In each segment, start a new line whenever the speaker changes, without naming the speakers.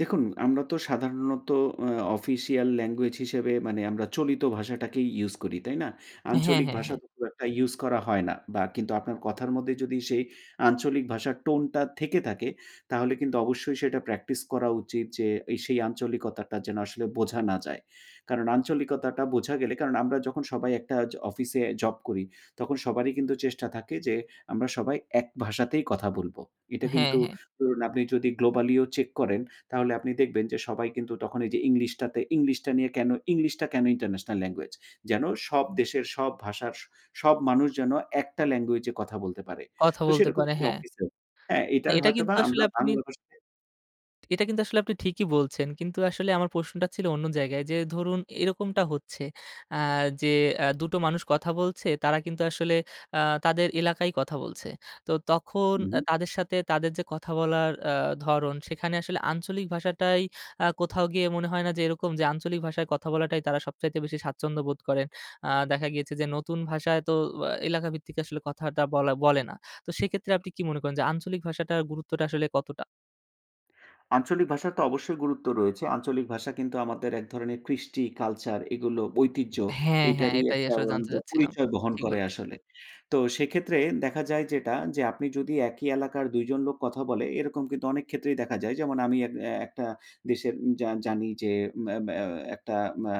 দেখুন আমরা তো সাধারণত আ অফিসিয়াল ল্যাঙ্গুয়েজ হিসেবে মানে আমরা চলিত ভাষাটাকেই ইউস করি, তাই না?
হ্যাঁ,
আঞ্চলিক
হ্যাঁ,
ভাষা
হ্যাঁ।
খুব একটা ইউস করা হয় না। বা কিন্তু আপনার কথার মধ্যে যদি সেই আঞ্চলিক ভাষার টোন টা থেকে থাকে, তাহলে কিন্তু অবশ্যই সেটা প্র্যাকটিস করা উচিত যে, এ সেই আঞ্চলিকতাটা যেন আসলে বোঝা না যায়। কারণ আঞ্চলিকতাটা বোঝা গেলে কারণ আমরা যখন সবাই একটা জ অফিসে জব করি তখন সবারই কিন্তু চেষ্টা থাকে যে, আমরা সবাই এক ভাষাতেই কথা বলবো। এটা
হ্যাঁ,
কিন্তু
হ্যাঁ।
ধরুন আপনি যদি globally ও চেক করেন তাহলে আপনি দেখবেন যে, সবাই কিন্তু তখন এই যে, ইংলিশটা তে ইংলিশটা নিয়ে কেন ইংলিশটা কেন ইন্টারন্যাশনাল ল্যাঙ্গুয়েজ? যেন সব দেশের সব ভাষার সব মানুষ যেন একটা ল্যাঙ্গুয়েজে কথা বলতে পারে।
কথা
তো
বলতে পারে
সেরকমই
হ্যাঁ।
অফিসের। হ্যাঁ,
না
এইটার
এটা কিন্তু
হয়তোবা
আসলে
আমরা
আপনি
বাংলা ভাষায়
এটা কিন্তু আসলে আপনি ঠিকই বলছেন। কিন্তু আসলে আমার প্রশ্নটা ছিল অন্য জায়গায় যে, ধরুন এরকমটা হচ্ছে আ যে, অ্যা ২ টো মানুষ কথা বলছে তারা কিন্তু আ আসলে তাদের এলাকায়ই কথা বলছে। তো তখন
হু,
অ্যা
হুম।
তাদের সাথে তাদের যে, কথা বলার আ ধরন সেখানে আসলে আঞ্চলিক ভাষাটাই আ কোথাও গিয়ে মনে হয় না যে, এরকম? যে, আঞ্চলিক ভাষায় কথা বলাটাই তারা সবচাইতে বেশি স্বাচ্ছন্দ্য বোধ করেন? আ দেখা গিয়েছে যে, নতুন ভাষায় তো ও আ এলাকা ভিত্তিক আসলে কথাটা বলা বলে না। তো সেক্ষেত্রে আপনি কি মনে করেন যে, আঞ্চলিক ভাষাটার গুরুত্বটা আসলে কতটা?
আঞ্চলিক ভাষার তো অবশ্যই গুরুত্ব রয়েছে। আঞ্চলিক ভাষা কিন্তু আমাদের এক ধরণের কৃষ্টি, কালচার এগুলো ঐতিহ্য,
হ্যাঁ, হ্যাঁ।
এইটারই
এটাই
একটা
আসলে জানতে
[unintelligible]
চাচ্ছিলাম।
পরিচয় বহন
ঠিক
করে
বলেছেন।
আসলে। তো সেক্ষেত্রে দেখা যায় যেটা যে, আপনি যদি একই এলাকার ২ জন লোক কথা বলে এরকম কিন্তু অনেক ক্ষেত্রেই দেখা যায়। যেমন আমি এক একটা দেশের উম জা জানি যে, অ্যা আ একটা আ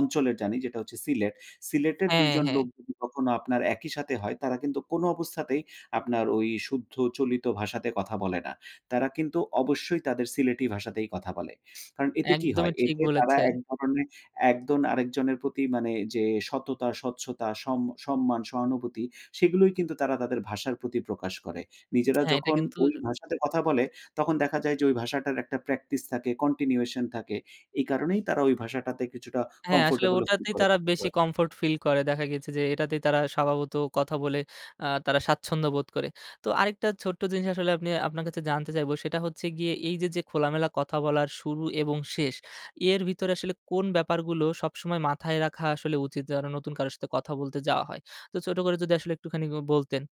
অঞ্চলের জানি যেটা হচ্ছে সিলেট। সিলেটের ২
হ্যাঁ,
জন
হ্যাঁ।
লোক যদি কখনো আপনার একই সাথে হয় তারা কিন্তু কোন অবস্থাতেই আপনার ওই শুদ্ধ চলিত ভাষাতে কথা বলে না। তারা কিন্তু অবশ্যই তাদের সিলেটি ভাষাতেই কথা বলে। কারণ এতে কি
একদমই
হয়?
ঠিক
এতে তারা
বলেছেন।
এক ধরনের একজন আরেকজনের প্রতি মানে যে, সততা, স্বচ্ছতা, সম সম্মান, সহানুভূতি সেগুলোই কিন্তু তারা তাদের ভাষার প্রতি প্রকাশ করে। নিজেরা
হ্যাঁ, এটা
যখন
কিন্তু
ওই ভাষাতে কথা বলে তখন দেখা যায় যে, ঐ ভাষাটার একটা প্র্যাকটিস থাকে, continuation থাকে। এই কারণেই তারা ঐ ভাষাটাতে কিছুটা
হ্যাঁ, আসলে
কমফোর্টেবলও ফিল
ওটাতেই
করে
তারা
কথা
বেশি
বলে।
কমফোর্ট ফিল করে। দেখা গেছে যে, এটাতেই তারা স্বভাবত কথা বলে আ তারা স্বাচ্ছন্দ্য বোধ করে। তো আরেকটা ছোট্ট জিনিস আসলে আপনি আপনার কাছে জানতে চাইব সেটা হচ্ছে গিয়ে এই যে, যে, খোলামেলা কথা বলার শুরু এবং শেষ। এর ভিতরে আসলে কোন ব্যাপারগুলো সবসময় মাথায় রাখা আসলে উচিত যেন নতুন কারো সাথে কথা বলতে যাওয়া হয়? তো ছোট করে যদি আসলে একটুখানি উ বলতেন?